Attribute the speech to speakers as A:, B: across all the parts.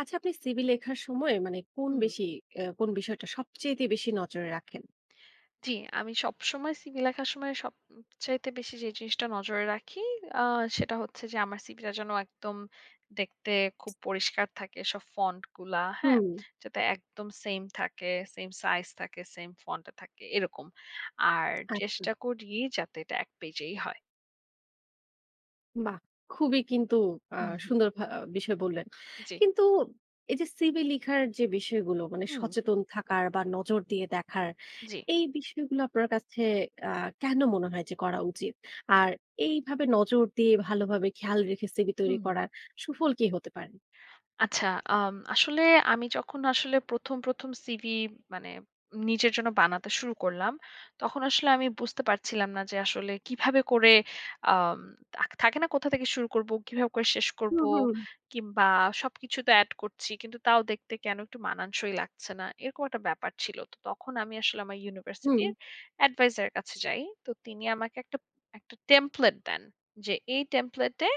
A: আচ্ছা আপনি সিভি লেখার সময় মানে কোন
B: হুম।
A: বেশি অ্যা কোন বিষয়টা সবচাইতে বেশি নজরে রাখেন?
B: জি। আমি সবসময় সিভি লেখার সময় সব উম চাইতে বেশি যে জিনিসটা নজরে রাখি আ সেটা হচ্ছে যে আমার সিভিটা যেন একদম দেখতে খুব পরিষ্কার থাকে সব ফন্ট গুলা, হ্যাঁ?
A: হুম।
B: যাতে একদম সেইম থাকে, সেইম সাইজ থাকে, সেইম ফন্ট এ থাকে এরকম। আর
A: আচ্ছা।
B: চেষ্টা করি যাতে এটা ১ পেজেই হয়।
A: বাহ! খুবই কিন্তু আ
B: উহু।
A: সুন্দর ভা বিষয় বললেন।
B: জি।
A: কিন্তু এই যে সিভি লিখার যে বিষয়গুলো, মানে
B: হুম।
A: সচেতন থাকার বা নজর দিয়ে দেখার।
B: জি।
A: এই বিষয়গুলো আপনার কাছে আ কেন মনে হয় যে করা উচিত? আর এইভাবে নজর দিয়ে ভালোভাবে খেয়াল রেখে সিভি তৈরি
B: হুম।
A: করার সুফল কি হতে পারে?
B: আচ্ছা। আম আসলে আমি যখন আসলে প্রথম, প্রথম সিভি মানে নিজের জন্য বানাতে শুরু করলাম তখন আসলে আমি বুঝতে পারছিলাম না যে আসলে কিভাবে করে আম তা থাকে না কোথা থেকে শুরু করবো? কিভাবে করে শেষ
A: হু,
B: করব?
A: হু।
B: কিংবা সবকিছু তো অ্যাড করছি। কিন্তু তাও দেখতে কেন একটু মানানসই লাগছে না। এরকম একটা ব্যাপার ছিল। তো তখন আমি আসলে আমার
A: হুম।
B: ইউনিভার্সিটির Adviser এর কাছে যাই। তো তিনি আমাকে একটা, একটা টেমপ্লেট দেন। যে এই টেমপ্লেট এ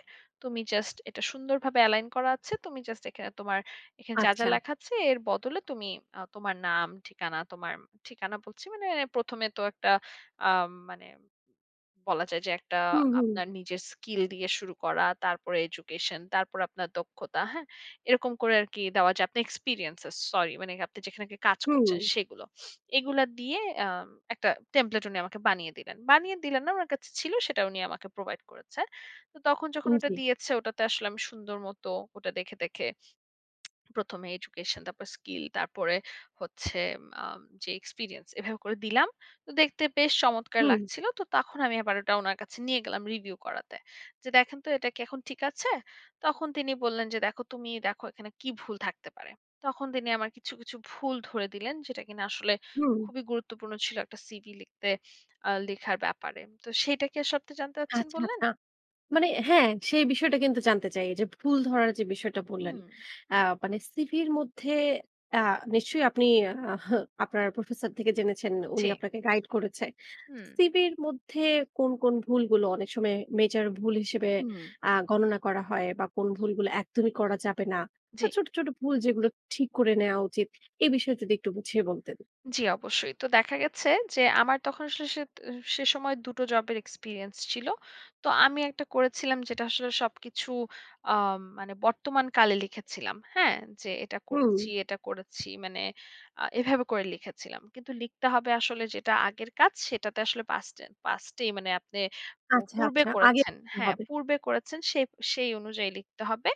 B: তুমি জাস্ট এটা সুন্দরভাবে Align করা আছে। তুমি জাস্ট এখানে তোমার এখানে যা, যা
A: আচ্ছা।
B: লেখা আছে এর বদলে তুমি আ তোমার নাম, ঠিকানা, তোমার ঠিকানা বলছি, মানে প্রথমে তো একটা আ মানে বলা যায় যে একটা
A: হু, হু।
B: আপনার নিজের স্কিল দিয়ে শুরু করা তারপরে এডুকেশন, তারপরে আপনার দক্ষতা হ্যাঁ? এরকম করে আর কি দেওয়া যায় আপনার এক্সপেরিয়েন্সেস। সরি মানে আপনি যেখানে আগে কাজ করছেন
A: হুম।
B: সেগুলো। এগুলা দিয়ে আম একটা টেম্পলেট উনি আমাকে বানিয়ে দিলেন। বানিয়ে দিলেন না ওনার কাছে ছিল সেটা উনি আমাকে Provide করেছে। তো তখন যখন
A: উম
B: ওটা
A: জি।
B: দিয়েছে ওটাতে আসলে আমি সুন্দর মতো ওটা দেখে, দেখে প্রথমে এডুকেশন তারপর স্কিল তারপরে হচ্ছে আম আ যে এক্সপেরিয়েন্স এভাবে করে দিলাম। তো দেখতে বেশ চমৎকার
A: হুম।
B: লাগছিল। তো তখন আমি আবার ওটা ওনার কাছে নিয়ে গেলাম রিভিউ করাতে যে, "দেখেন তো এটা কি এখন ঠিক আছে?" তখন তিনি বললেন যে, "দেখো তুমিই দেখো এখানে কী ভুল থাকতে পারে।" তখন তিনি আমার কিছু, কিছু ভুল ধরে দিলেন। যেটা কিনা আসলে
A: হুম।
B: খুবই গুরুত্বপূর্ণ ছিল একটা সিভি লিখতে আ লেখার ব্যাপারে। তো সেইটা কি আ সবটা জানতে চাচ্ছেন
A: আচ্ছা,
B: বললেন?
A: আচ্ছা। মানে হ্যাঁ, সেই বিষয়টা কিন্তু জানতে চাই। এই যে ভুল ধরার যে বিষয়টা বললেন
B: হুম।
A: অ্যা মানে সিভির মধ্যে অ্যা নিশ্চয়ই আপনি আহ আপনার প্রফেসর থেকে জেনেছেন, উনি
B: জি।
A: আপনাকে গাইড করেছে।
B: হুম।
A: সিভির মধ্যে কোন, কোন ভুলগুলো অনেক সময়ে মেজর ভুল হিসেবে
B: হুম।
A: আ গণনা করা হয়? বা কোন ভুলগুলো একদমই করা যাবে না?
B: জি।
A: বা ছোট, ছোট ভুল যেগুলো ঠিক করে নেওয়া উচিত? এ বিষয়ে যদি একটু বুঝিয়ে বলতেন?
B: জি, অবশ্যই। তো দেখা গেছে যে আমার তখন আসলে সেত আ সে সময় দুটো জবের এক্সপেরিয়েন্স ছিল। তো আমি একটা করেছিলাম যেটা আসলে সবকিছু আ মানে বর্তমান কালে লিখেছিলাম, হ্যাঁ? যে এটা
A: হুম।
B: করছি, এটা করেছি মানে আ এভাবে করে লিখেছিলাম। কিন্তু লিখতে হবে আসলে যেটা আগের কাজ সেটাতে আসলে পাস্টেন পাস্টেই মানে আপনি পূ
A: আচ্ছা,
B: পূর্বে
A: আচ্ছা। আগে
B: করেছেন।
A: [unintelligible]
B: হ্যাঁ,
A: হবে।
B: পূর্বে করেছেন সে সেই অনুযায়ী লিখতে হবে,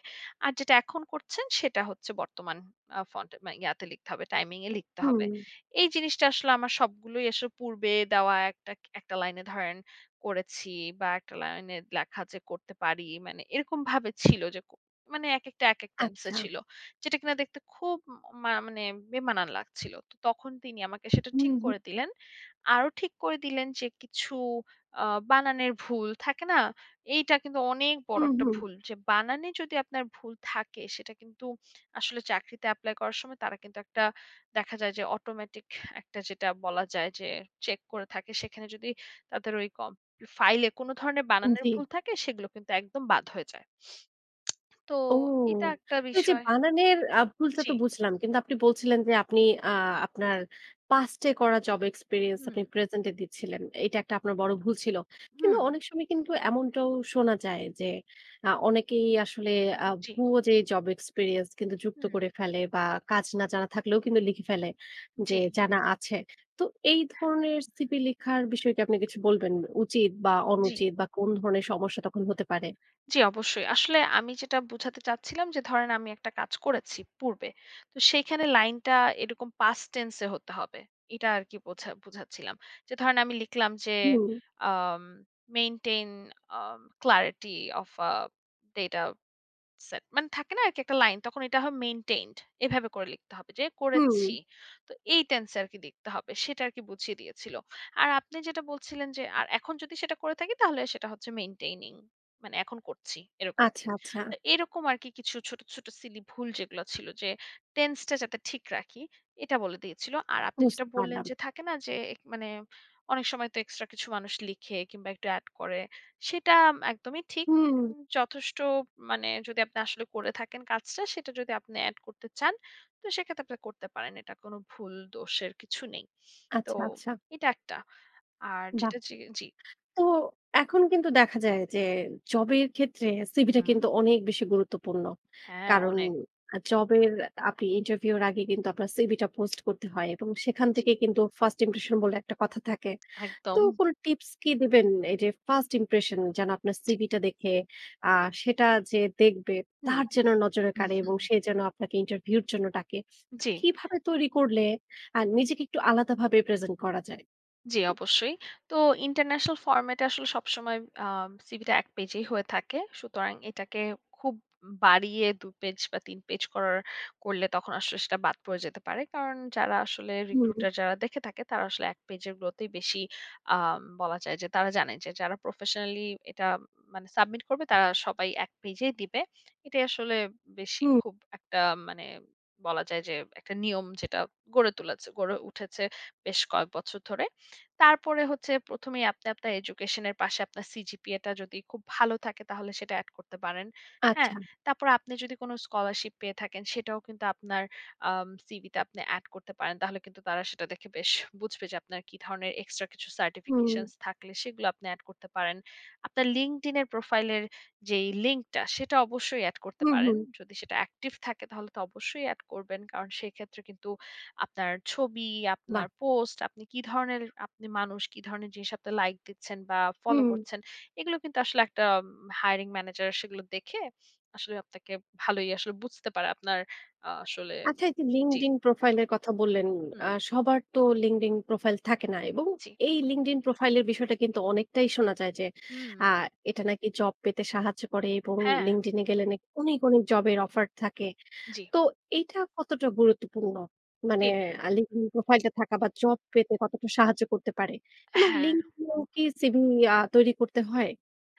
B: আর যেটা এখন করছেন সেটা হচ্ছে বর্তমান আ ফন্টে ম ইয়াতে লিখতে হবে, টাইমিং এ লিখতে হবে।
A: হুম।
B: এই জিনিসটা আসলে আমার সবগুলোই আসলে পূর্বে দেওয়া একটা ক একটা লাইনে ধরেন করেছি বা একটা লাইনে লেখা যে করতে পারি। মানে এরকম ভাবে ছিল যে কো মানে একেকটা একেক টেনসে
A: আচ্ছা।
B: ছিল। যেটা কিনা দেখতে খুব উম মা মানে বেমানান লাগছিল। তো তখন তিনি আমাকে সেটা
A: হুম,
B: ঠিক
A: হু।
B: করে দিলেন। আরো ঠিক করে দিলেন যে কিছু আ বানানের ভুল থাকে না? এইটা কিন্তু অনেক
A: হু,
B: বড় একটা
A: হু।
B: ভুল। যে বানানে যদি আপনার ভুল থাকে সেটা কিন্তু আসলে চাকরিতে এপ্লাই করার সময় তারা কিন্তু একটা দেখা যায় যে অটোমেটিক একটা যেটা বলা যায় যে চেক করে থাকে। সেখানে যদি তাদের ওই কম ই ফাইলে কোনো ধরনের
A: উম
B: বানানের
A: জি।
B: ভুল থাকে, সেগুলো কিন্তু একদম বাদ হয়ে যায়। তো
A: ও!
B: এটা একটা
A: তো এই যে
B: বিষয়।
A: বানানের আব ভুলটা
B: জি।
A: তো বুঝলাম। কিন্তু আপনি বলছিলেন যে আপনি আ আপনার পাস্টে করা জব এক্সপেরিয়েন্স আপনি
B: হুম।
A: প্রেজেন্ট এ দিচ্ছিলেন। এইটা একটা আপনার বড় ভুল ছিল। কিন্তু
B: হুম।
A: অনেক সময় কিন্তু এমনটাও শোনা যায় যে আ অনেকেই আসলে আ
B: জি।
A: ভুয়া যে জব এক্সপেরিয়েন্স কিন্তু যুক্ত
B: হুম।
A: করে ফেলে। বা কাজ না জানা থাকলেও কিন্তু লিখে ফেলে যে
B: জি।
A: জানা আছে। তো এই ধরনের সিভি লিখার বিষয় কি আপনি কিছু বলবেন? উচিত বা
B: জি।
A: অনুচিত বা কোন ধরনের সমস্যা তখন হতে পারে?
B: জি, অবশ্যই। আসলে আমি যেটা বুঝাতে চাচ্ছিলাম যে ধরেন আমি একটা কাজ করেছি পূর্বে। তো সেইখানে লাইনটা এরকম past tense এ হতে হবে। এটা আর কি বোঝা বোঝাচ্ছিলাম। যে ধরেন আমি লিখলাম যে
A: হুম।
B: um maintain um clarity of a data set. মানে থাকে না আরকি একটা লাইন? তখন এটা হয় মেইনটেইনড। এভাবে করে লিখতে হবে যে "করেছি।"
A: হুম।
B: তো এই টেন্স আর কি লিখতে হবে। সেটা আরকি বুঝিয়ে দিয়েছিল। আর আপনি যেটা বলছিলেন যে আর এখন যদি সেটা করে থাকি তাহলে সেটা হচ্ছে মেইনটেইনিং, মানে এখন করছি এরকম।
A: আচ্ছা, আচ্ছা।
B: তো এরকম আরকি কিছু ছোট, ছোট সিলি ভুল যেগুলো ছিল যে টেন্সটা যাতে ঠিক রাখি এটা বলে দিয়েছিল। আর আপনি যেটা
A: বুঝতে
B: বললেন
A: পারলাম।
B: যে থাকে না যে এক মানে অনেক সময় তো এক্সট্রা কিছু মানুষ লিখে কিংবা একটু অ্যাড করে, সেটা একদমই ঠিক।
A: হুম।
B: উম যথেষ্ট মানে যদি আপনি আসলে করে থাকেন কাজটা, সেটা যদি আপনি অ্যাড করতে চান, তো সেক্ষেত্রে আপনি করতে পারেন। এটা কোনো ভুল দোষের কিছু নেই। তো
A: আচ্ছা, আচ্ছা।
B: এটা একটা। আর
A: বাহ!
B: যেটা জি এ জি।
A: তো এখন কিন্তু দেখা যায় যে জবের ক্ষেত্রে সিভিটা
B: হুম।
A: কিন্তু অনেক বেশি গুরুত্বপূর্ণ।
B: হ্যাঁ
A: কারণ
B: অনেক।
A: আ জবের আপনি ইন্টারভিউ এর আগে কিন্তু আপনার সিভি টা পোস্ট করতে হয় এবং সেখান
B: জি।
A: থেকেই কিন্তু first impression বলে একটা কথা থাকে। তো
B: একদম।
A: কোন টিপস কি দিবেন? এই যে first impression যেন আপনার
B: জি।
A: সিভিটা দেখে, আ সেটা যে দেখবে,
B: হুম।
A: তার যেন নজরে কাড়ে এবং সে যেন আপনাকে ইন্টারভিউ এর জন্য ডাকে।
B: জি।
A: কিভাবে তৈরি করলে আ নিজেকে একটু আলাদাভাবে প্রেজেন্ট করা যায়?
B: জি, অবশ্যই। তো ইন্টারন্যাশনাল ফরম্যাটে আসলে সবসময় আ সিভি টা ১ পেজেই হয়ে থাকে। সুতরাং এইটাকে খুব বাড়িয়ে ২ পেজ বা ৩ পেজ করার করলে তখন আসলে সেটা বাদ পড়ে যেতে পারে। কারণ যারা আসলে
A: হুম।
B: recruiter যারা দেখে থাকে, তারা আসলে ১ পেজের গুলোতেই বেশি আম বলা যায় যে তারা জানে যে যারা প্রফেশনালি এটা মানে সাবমিট করবে তারা সবাই ১ পেজেই দিবে। এটাই আসলে বেশি
A: হুম।
B: খুব একটা মানে বলা যায় যে একটা নিয়ম যেটা গড়ে তুলেছে গড়ে উঠেছে বেশ কয়েক বছর ধরে। তারপরে হচ্ছে প্রথমেই আপনি আপনার এজুকেশনের পাশে আপনার সিজিপিএ টা যদি খুব ভালো থাকে তাহলে সেটা অ্যাড করতে পারেন, হ্যাঁ?
A: আচ্ছা।
B: তারপর আপনি যদি কোন স্কলারশিপ পেয়ে থাকেন সেটাও কিন্তু আপনার আম সিভি তে আপনি অ্যাড করতে পারেন। তাহলে কিন্তু তারা সেটা দেখে বেশ বুঝবে যে আপনার কি ধরনের এক্সট্রা কিছু
A: হুম।
B: certifications থাকলে সেগুলো আপনি অ্যাড করতে পারেন। আপনার Linkedin এর প্রোফাইলের যেই লিঙ্ক টা, সেটা অবশ্যই অ্যাড করতে
A: হু,
B: পারেন।
A: হু।
B: যদি সেটা অ্যাক্টিভ থাকে তাহলে তো অবশ্যই অ্যাড করবেন। কারণ সেক্ষেত্রে কিন্তু আপনার ছবি,
A: বাহ!
B: আপনার পোস্ট, আপনি কি ধরনের আপনি মানুষ, কি ধরনের জিনিসে আপনি লাইক দিচ্ছেন বা ফলো
A: হুম।
B: করছেন, এগুলো কিন্তু আসলে একটা hiring manager সেগুলো দেখে আসলে আপনাকে ভালোই আসলে বুঝতে পারে আপনার আ আসলে
A: আচ্ছা এই যে
B: জি।
A: Linkedin প্রোফাইল এর কথা বললেন। আ
B: হুম।
A: সবার তো Linkedin প্রোফাইল থাকে না এবং
B: জি।
A: এই Linkedin প্রোফাইল এর বিষয়টা কিন্তু অনেকটাই শোনা যায় যে আ
B: হুম।
A: এটা নাকি জব পেতে সাহায্য করে এবং
B: হ্যাঁ।
A: Linkedin এ গেলে নাকি অনেক, অনেক জব এর অফার থাকে।
B: জি।
A: তো এইটা কতটা গুরুত্বপূর্ণ? মানে
B: জি।
A: আ Linkedin প্রোফাইল টা থাকা বা জব পেতে কতটা সাহায্য করতে পারে? এবং
B: হ্যাঁ।
A: Linkedin এও কি সিভি আ তৈরি করতে হয়?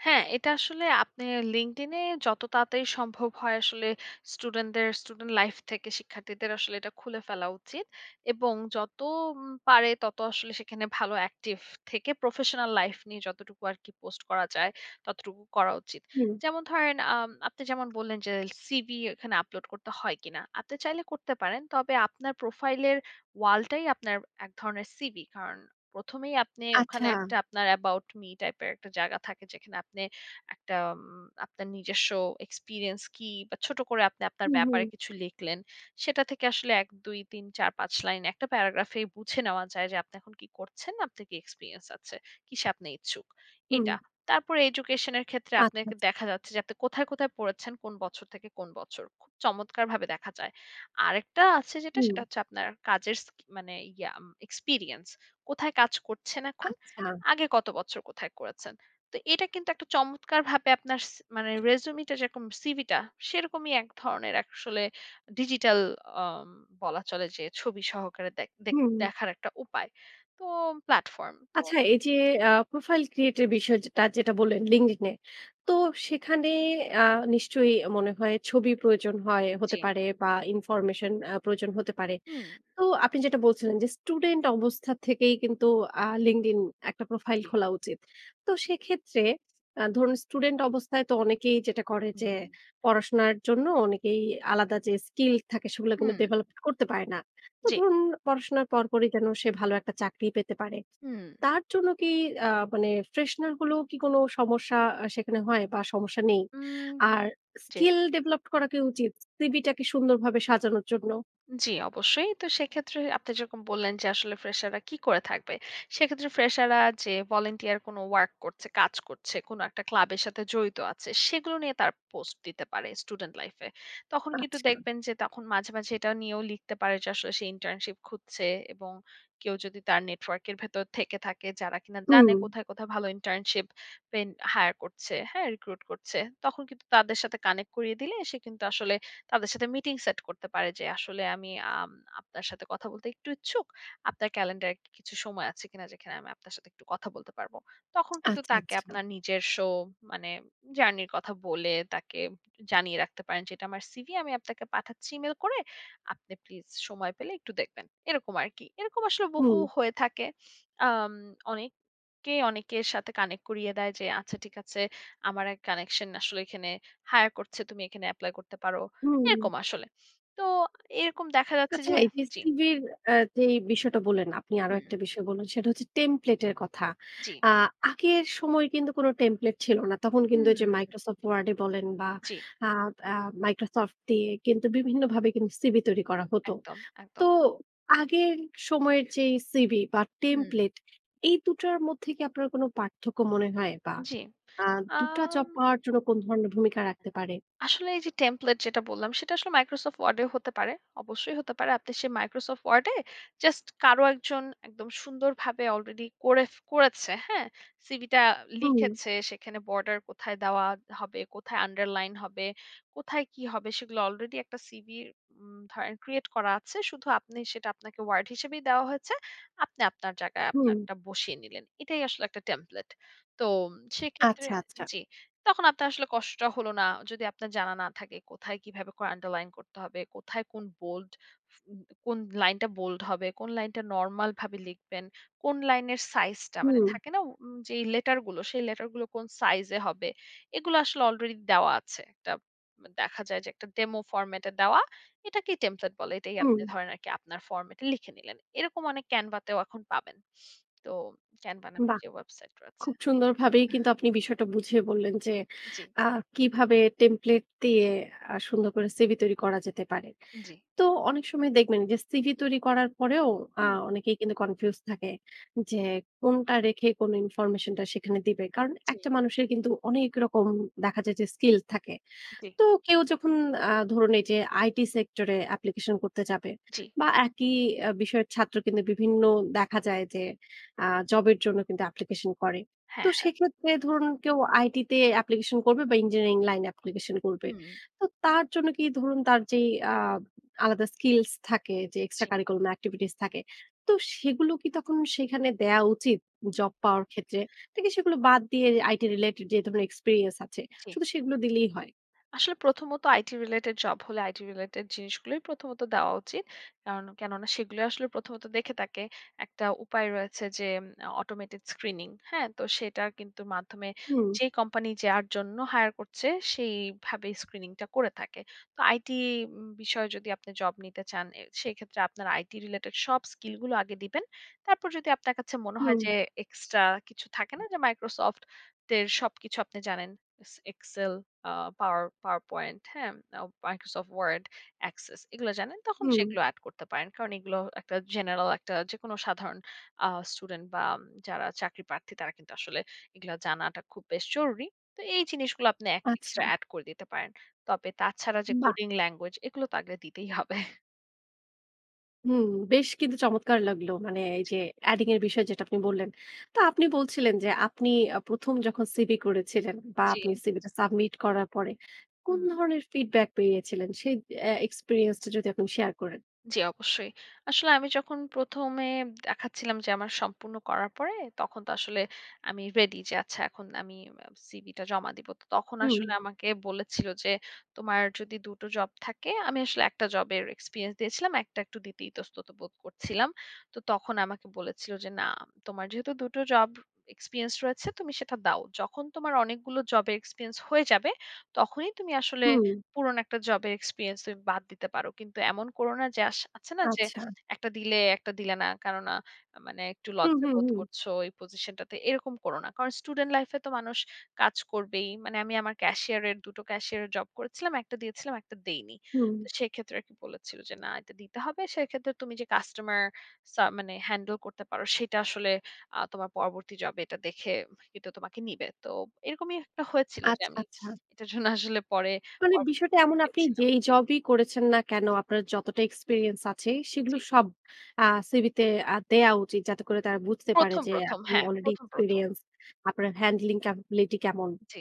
B: হ্যাঁ, এটা আসলে আপনে LinkedIn এ যত তাড়াতাড়ি সম্ভব হয় আসলে স্টুডেন্টদের স্টুডেন্ট লাইফ থেকে শিক্ষার্থীদের আসলে এটা খুলে ফেলা উচিত। এবং যত উম পারে তত আসলে সেখানে ভালো অ্যাক্টিভ থেকে প্রফেশনাল লাইফ নিয়ে যতটুকু আরকি পোস্ট করা যায়, ততটুকু করা উচিত।
A: হুম।
B: যেমন ধরেন আম আপনি যেমন বললেন যে "সিভি এখানে আপলোড করতে হয় কিনা?", আপনি চাইলে করতে পারেন। তবে আপনার প্রোফাইলের ওয়ালটাই আপনার এক ধরনের সিভি, কারণ প্রথমেই আপনি ওখানে
A: আচ্ছা।
B: একটা আপনার 'অ্যাবাউট মি' টাইপের একটা জায়গা থাকে যেখানে আপনি একটা উম আপনার নিজস্ব এক্সপেরিয়েন্স কি? বা ছোট করে আপনি আপনার
A: হুম,
B: ব্যাপারে
A: হুম।
B: কিছু লিখলেন। সেটা থেকে আসলে ১, ২, ৩, ৪, ৫ লাইন একটা প্যারাগ্রাফেই বুঝে নেওয়া যায় যে আপনি এখন কী করছেন? আপনার কি এক্সপেরিয়েন্স আছে? কিসে আপনি ইচ্ছুক?
A: হুম।
B: এটা। তারপরে এডুকেশন এর ক্ষেত্রে
A: আচ্ছা, আচ্ছা
B: আপনাকে দেখা যাচ্ছে যে আপনি কোথায় কোথায় পড়েছেন? কোন বছর থেকে কোন বছর? খুব চমৎকারভাবে দেখা যায়। আরেকটা আছে যেটা
A: হুম।
B: সেটা হচ্ছে আপনার কাজের স্কি মানে ইয়া উম এক্সপেরিয়েন্স- কোথায় কাজ করছেন এখন?
A: আচ্ছা।
B: আগে কত বছর কোথায় করেছেন? তো এটা কিন্তু একটা চমৎকারভাবে আপনার সি মানে resume টা যেরকম সিভি টা সেরকমই এক ধরনের এক আসলে ডিজিটাল আম বলা চলে যে ছবি সহকারে দেখ দেক
A: হুম।
B: দেখার একটা উপায়। তো প্ল্যাটফর্ম তো
A: আচ্ছা এই যে
B: জি।
A: আ profile create এর বিষয় যেটা, যেটা বললেন
B: হুম।
A: LinkedIn এ। তো সেখানে আ নিশ্চয়ই মনে হয় ছবি প্রয়োজন হয়, হতে
B: জি।
A: পারে বা information আ প্রয়োজন হতে পারে।
B: হুম।
A: তো আপনি যেটা বলছিলেন যে স্টুডেন্ট অবস্থা থেকেই কিন্তু আ LinkedIn একটা প্রোফাইল
B: জি।
A: খোলা উচিত। তো সেক্ষেত্রে অ্যা ধরুন স্টুডেন্ট অবস্থায় তো অনেকেই যেটা করে যে
B: হুম।
A: পড়াশোনার জন্য অনেকেই আলাদা যে স্কিল থাকে সেগুলো কিন্তু
B: হুম।
A: ডেভেলপ করতে পারে না। তো
B: জি।
A: ধরুন পড়াশোনার পরপরই যেন সে ভালো একটা চাকরি পেতে পারে।
B: হুম।
A: তার জন্য কি আ মানে fresher গুলো কি কোন সমস্যা সেখানে হয় বা সমস্যা নেই?
B: উম
A: আর
B: জি।
A: skill developed করা কি উচিত, CV টা কে সুন্দরভাবে সাজানোর জন্য?
B: জি অবশ্যই। তো সেক্ষেত্রে আপনি যেরকম বললেন যে আসলে fresher রা কি করে থাকবে? সেক্ষেত্রে fresher রা যে volunteer কোনো work করছে, কাজ করছে, কোনো একটা ক্লাবের সাথে জড়িত আছে, সেগুলো নিয়ে তারা পোস্ট দিতে পারে student life এ। তখন কিন্তু
A: আচ্ছা।
B: দেখবেন যে তখন মাঝে, মাঝে এটা নিয়েও লিখতে পারে যে আসলে সে internship খুঁজছে এবং কেউ যদি তার নেটওয়ার্কের ভেতর থেকে থাকে যারা কিনা জানে
A: হুম।
B: কোথায়, কোথায় ভালো internship পেন হায়ার করছে, হ্যাঁ? recruit করছে, তখন কিন্তু তাদের সাথে connect করিয়ে দিলে সে কিন্তু আসলে তাদের সাথে মিটিং সেট করতে পারে যে আসলে, "আমি আম আপনার সাথে কথা বলতে একটু ইচ্ছুক, আপনার ক্যালেন্ডারে কি কিছু সময় আছে কিনা যেখানে আমি আপনার সাথে একটু কথা বলতে পারবো?", তখন কিন্তু
A: আচ্ছা,
B: তাকে
A: আচ্ছা।
B: আপনার নিজস্ব মানে journey -র কথা বলে তাকে জানিয়ে রাখতে পারেন যে, "এটা আমার CV, আমি আপনাকে পাঠাচ্ছি ইমেইল করে। আপনি প্লিজ সময় পেলে একটু দেখবেন।" এরকম আরকি। এরকম আসলে বহু
A: হুম।
B: হয়ে থাকে। আম অনেককে অনেকের সাথে connect করিয়ে দেয় যে, "আচ্ছা ঠিক আছে, আমার এক connection টা আসলে এখানে hire করছে, তুমি এখানে এপ্লাই করতে পারো",
A: হুম।
B: এরকম আসলে। তো এরকম দেখা যাচ্ছে
A: আচ্ছা
B: যে
A: এই যে
B: জি।
A: CV -র আ যেই বিষয়টা বললেন, আপনি আরো একটা
B: হুম।
A: বিষয় বললেন সেটা হচ্ছে template এর কথা।
B: জি।
A: আ আগের সময় কিন্তু কোন template ছিল না। তখন কিন্তু এই যে
B: হুম।
A: Microsoft WORD এ বলেন বা
B: জি।
A: আ আ Microsoft দিয়ে কিন্তু বিভিন্নভাবে কিন্তু CV তৈরি করা হত।
B: একদম,
A: তো
B: একদম।
A: আগের সময়ের যেই CV বা
B: হুম।
A: template এই দুটার মধ্যে কি আপনার কোন পার্থক্য মনে হয়? বা
B: জি।
A: আ দুটা
B: আম
A: জব পাওয়ার জন্য কোন ধরনের ভূমিকা রাখতে পারে?
B: আসলে এই যে template যেটা বললাম সেটা আসলে Microsoft WORD এও হতে পারে। অবশ্যই হতে পারে। আপনি সে Microsoft WORD এ জাস্ট কারো একজন একদম সুন্দরভাবে অলরেডি করে ফে করেছে হ্যাঁ? সিভি টা
A: হুম।
B: লিখেছে সেখানে বর্ডার কোথায় দেওয়া ত হবে? কোথায় আন্ডারলাইন হবে? কোথায় কি হবে সেগুলা অলরেডি একটা CV উম ধরেন create করা আছে, শুধু আপনি সেটা আপনাকে WORD হিসেবেই দেওয়া হয়েছে, আপনি আপনার জায়গায়
A: হুম।
B: আপানারটা বসিয়ে নিলেন। এটাই আসলে একটা template তো সেক্ষেত্রে
A: আচ্ছা, আচ্ছা।
B: জি, তখন আপনার আসলে কষ্ট হলো না যদি আপনার জানা না থাকে কোথায়, কীভাবে করে আন্ডারলাইন করতে হবে? কোথায় কোন bold ফ কোন লাইনটা bold হবে? কোন লাইনটা নরমাল ভাবে লিখবেন? কোন লাইনের সাইজ টা মানে
A: হুম।
B: থাকে না উম যে লেটারগুলো সেই লেটারগুলো কোন সাইজ এ হবে? এগুলো আসলে অলরেডি দেওয়া আছে। একটা ত দেখা যায় যে একটা demo format এ দেওয়া। এটাকেই template বলে। এটাই আপনি
A: হুম।
B: ধরেন আর কি আপনার ফরম্যাটে লিখে নিলেন। এরকম অনেক Canva তেও এখন পাবেন। তো Canva নামের
A: বাহ!
B: যে ওয়েবসাইট রয়েছে।
A: খুব সুন্দরভাবেই কিন্তু আপনি বিষয়টা বুঝিয়ে বললেন যে
B: জি।
A: আ কিভাবে template দিয়ে আ সুন্দর করে CV তৈরি করা যেতে পারে।
B: জি।
A: তো অনেক সময় দেখবেন যে সিভি তৈরি করার পরেও আ
B: হুম।
A: অনেকেই কিন্তু confuse থাকে যে কোনটা রেখে কোন information টা সেখানে দিবে? কারণ
B: জি।
A: একটা মানুষের কিন্তু অনেক রকম দেখা যায় যে স্কিল থাকে।
B: জি।
A: তো কেউ যখন আ ধরুন এই যে IT sector এ application করতে যাবে,
B: জি।
A: বা একই আ বিষয়ের ছাত্র কিন্তু বিভিন্ন দেখা যায় যে আ জব এর জন্য কিন্তু application করে। তো
B: হ্যাঁ, হ্যাঁ।
A: সেক্ষেত্রে ধরুন কেউ IT তে application করবে বা ইঞ্জিনিয়ারিং লাইনে application করবে।
B: হুম।
A: তো তার জন্য কি ধরুন তার যে আব আলাদা স্কিলস থাকে যে extra
B: জি।
A: curriculum activities থাকে। তো সেগুলো কি তখন সেখানে দেয়া উচিত? জব পাওয়ার ক্ষেত্রে? নাকি সেগুলো বাদ দিয়ে IT related যেহেতু আমার experience আছে
B: জি।
A: শুধু সেগুলো দিলেই হয়?
B: আসলে প্রথমত IT related job হলে IT related জিনিসগুলোই প্রথমত দেওয়া উচিত। কারন কেননা সেগুলোই আসলে প্রথমত দেখে থাকে একটা উপায় রয়েছে যে উম automated screening হ্যাঁ? তো সেটার কিন্তু মাধ্যমে
A: হুম।
B: যে কোম্পানি যার জন্য hire করছে, সেইভাবে screening টা করে থাকে। তো IT উম বিষয়ে যদি আপনি জব নিতে চান, এ সেক্ষেত্রে আপনার IT related সব স্কিল গুলো আগে দিবেন। তারপর যদি আপনার কাছে মনে হয়
A: হুম।
B: যে এক্সট্রা কিছু থাকে না যে Microsoft এর সবকিছু আপনি জানেন। এস এক্সেল, আ পাওয়ার পাওয়ার পয়েন্ট, হ্যাঁ? অও Microsoft WORD, ACCESS, এগুলো জানেন তখন
A: হুম।
B: সেগুলো অ্যাড করতে পারেন। কারণ এগুলো একটা জেনারেল একটা যেকোনো সাধারণ আ স্টুডেন্ট বা আম যারা চাকরিপ্রার্থী তারা কিন্তু আসলে এগুলা জানাটা খুব বেশ জরুরি। তো এই জিনিসগুলো আপনি এক
A: আচ্ছা।
B: এক্সট্রা এড করে দিতে পারেন। তবে তাছাড়া যে
A: বাহ!
B: coding language এগুলো তো আগে দিতেই হবে।
A: হুম। বেশ কিন্তু চমৎকার লাগলো। মানে এই
B: জি।
A: যে adding এর বিষয় যেটা আপনি বললেন। তো
B: হু।
A: আপনি বলছিলেন যে আপনি আ প্রথম যখন সিভি করেছিলেন বা আপনি
B: জি।
A: সিভি টা সাবমিট করার পরে
B: হু
A: কোন
B: হুম।
A: ধরনের ফিডব্যাক পেয়েছিলেন? সেই এ্যা এক্সপেরিয়েন্স টা যদি এখন শেয়ার করেন।
B: জি অবশ্যই। আসলে আমি যখন প্রথমে দেখাচ্ছিলাম যে আমার সম্পূর্ণ করার পরে তখন তো আসলে আমি রেডি যে আচ্ছা এখন আমি আ সিভি টা জমা দিব। তো তখন
A: হুম।
B: আসলে আমাকে বলেছিল যে তোমার যদি দুটো জব থাকে আমি আসলে একটা জবের এক্সপেরিয়েন্স দিয়েছিলাম, একটা একটু দিতে ইতস্তত বোধ করছিলাম। তো তখন আমাকে বলেছিল যে "না তোমার যেহেতু দুটো জব এক্সপেরিয়েন্স রয়েছে তুমি সেটা দাও। যখন তোমার অনেকগুলো জবে এক্সপেরিয়েন্স হয়ে যাবে। তখনই তুমি আসলে
A: হুম।
B: পুরনো একটা জবের এক্সপেরিয়েন্স তুমি বাদ দিতে পারো। কিন্তু এমন করো না, যে আস আছে না যে?
A: আচ্ছা।
B: একটা দিলে, একটা দিলে না। কেননা আ মানে একটু
A: হু,
B: লজ্জা
A: হু,
B: বোধ
A: হু।
B: করছ এই পজিশন টাতে, এরকম করো না। কারণ স্টুডেন্ট লাইফ এ তো মানুষ কাজ করবেই।" মানে আমি আমার ক্যাশিয়ার এর দুটো ক্যাশিয়ার এর জব করেছিলাম। একটা দিয়েছিলাম, একটা দেইনি।
A: হুম।
B: তো সেক্ষেত্রে আর কি বলেছিল যে "না এটা দিতে হবে। সেক্ষেত্রে তুমি যে কাস্টমার সা মানে হ্যান্ডেল করতে পারো সেটা আসলে আ তোমার পরবর্তী জবে এটা দেখে এটা তোমাকে নিবে।" তো এরকমই একটা হয়েছিল যে
A: আচ্ছা,
B: আমি
A: আচ্ছা।
B: এটার জন্য আসলে পরে
A: মানে বিষয়টা এমন
B: [unintelligible]
A: আপনি
B: ছিলাম।
A: যেই জবই করেছেন না কেন, আপনার যতটা এক্সপেরিয়েন্স আছে সেগুলো
B: জি।
A: সব আ সিভি তে আ দেয়া উচিত। যাতে করে তারা বুঝতে পারে
B: প্রথম,
A: যে
B: প্রথম।
A: আপনি
B: হ্যাঁ
A: আলরেডি
B: প্রথম, প্রথম।
A: এক্সপেরিয়েন্স, আপনার হ্যান্ডলিং ক্যাপাবিলিটি কেমন?
B: জি।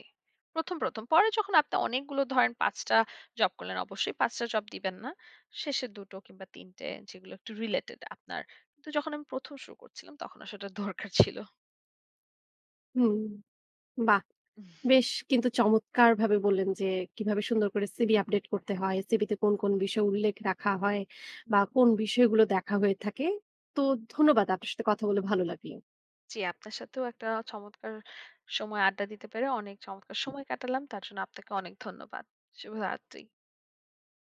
B: প্রথম, প্রথম। পরে যখন আপনি অনেকগুলো ধরেন ৫ টা জব করলেন, অবশ্যই ৫ টা জব দিবেন না। শেষের ২ টো কিংবা ৩ টে, যেগুলো একটু রিলেটেড আপনার। কিন্তু যখন আমি প্রথম শুরু করছিলাম তখন আসলে দরকার ছিল।
A: হুম। বাহ! বেশ কিন্তু চমৎকারভাবে বললেন যে কিভাবে সুন্দর করে সিভি আপডেট করতে হয়? সিভি তে কোন, কোন বিষয় উল্লেখ রাখা হয়?
B: হু।
A: বা কোন বিষয়গুলো দেখা হয়ে থাকে? তো ধন্যবাদ। আপনার সাথে কথা বলে ভালো লাগলো।
B: জি আপনার সাথেও একটা চমৎকার সময় আড্ডা দিতে পেরে অনেক চমৎকার সময় কাটালাম। তার জন্য আপনাকে অনেক ধন্যবাদ। শুভ রাত্রি।